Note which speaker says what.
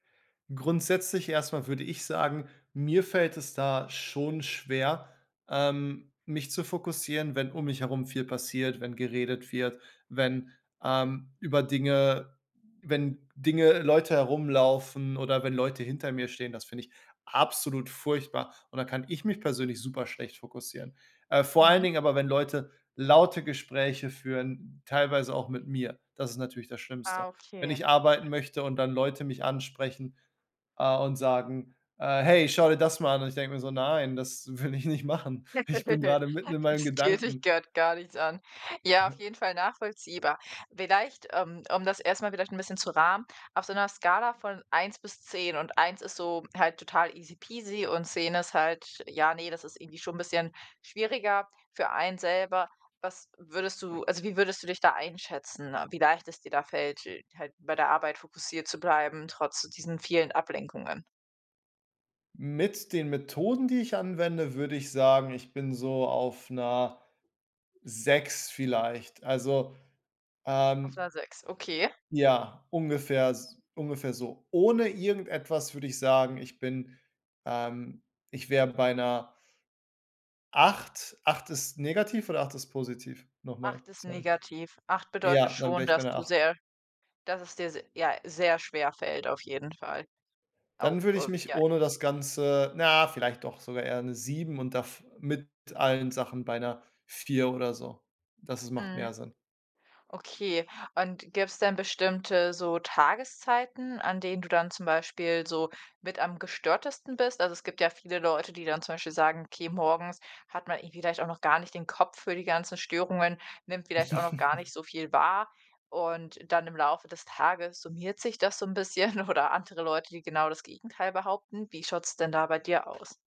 Speaker 1: Grundsätzlich erst mal würde ich sagen: „Mir fällt es da schon schwer, ähm, mich zu fokussieren, wenn um mich herum viel passiert, wenn geredet wird, wenn, ähm, über Dinge wenn Dinge Leute herumlaufen oder wenn Leute hinter mir stehen.“ Das finde ich absolut furchtbar, und dann kann ich mich persönlich super schlecht fokussieren. Äh, vor allen
Speaker 2: Mhm.
Speaker 1: Dingen aber, wenn Leute laute Gespräche führen, teilweise auch mit mir. Das ist natürlich das
Speaker 2: Ah,
Speaker 1: Schlimmste. Wenn
Speaker 2: okay.
Speaker 1: ich arbeiten möchte und dann Leute mich ansprechen, äh, und sagen, äh: „Hey, schau dir das mal an!“ Und ich denk mir so: „Nein, das will ich nicht machen. Ich bin gerade mitten in meinem
Speaker 2: „Das geht dich
Speaker 1: Gedanken.“
Speaker 2: grad gar nichts an.“ Ja, auf jeden Fall nachvollziehbar. Vielleicht, ähm, um das erst mal vielleicht bisschen zu rahmen: Auf so 'ner Skala von 1 bis 10, und 1 ist so halt total easy peasy und 10 ist halt, ja, ne, das ist irgendwie schon bisschen schwieriger für einen selber. Was würdest du also wie würdest du dich da einschätzen, wie leicht es dir da fällt, äh, halt bei der Arbeit fokussiert zu bleiben, trotz diesen vielen Ablenkungen?
Speaker 1: Mit den Methoden, die ich anwende, würde ich sagen, ich bin so auf 'ner 6 vielleicht. Also,
Speaker 2: Auf
Speaker 1: ähm,
Speaker 2: 'ner 6, okay.
Speaker 1: ja, ungefähr s ungefähr so. Ohne irgendetwas würde ich sagen, ich bin ähm, ich wär bei 'ner 8? 8 ist negativ oder 8 ist positiv? Nochmal,
Speaker 2: 8 ist
Speaker 1: sorry.
Speaker 2: negativ. 8 bedeutet
Speaker 1: Ja, dann
Speaker 2: schon,
Speaker 1: wär ich bei
Speaker 2: dass
Speaker 1: 'ner
Speaker 2: du
Speaker 1: 8.
Speaker 2: sehr dass es dir se ja, sehr schwerfällt auf jeden Fall, auch
Speaker 1: Dann würde ich
Speaker 2: äh,
Speaker 1: mich
Speaker 2: ja.
Speaker 1: ohne das Ganze na ja, vielleicht doch sogar eher 'ne 7. und dav mit allen Sachen bei 'ner 4 oder so. Das is macht
Speaker 2: Mhm.
Speaker 1: mehr Sinn.
Speaker 2: Okay, und gibt's denn bestimmte, so, Tageszeiten, an denen du dann zum Beispiel so mit am gestörtesten bist? Also, es gibt ja viele Leute, die dann zum Beispiel sagen: „Okay, morgens hat man eben vielleicht auch noch gar nicht den Kopf für die ganzen Störungen, nimmt vielleicht auch noch gar nicht so viel wahr, und dann im Laufe des Tages summiert sich das so 'n bisschen“, oder andere Leute, die genau das Gegenteil behaupten. Wie schaut's denn da bei dir aus?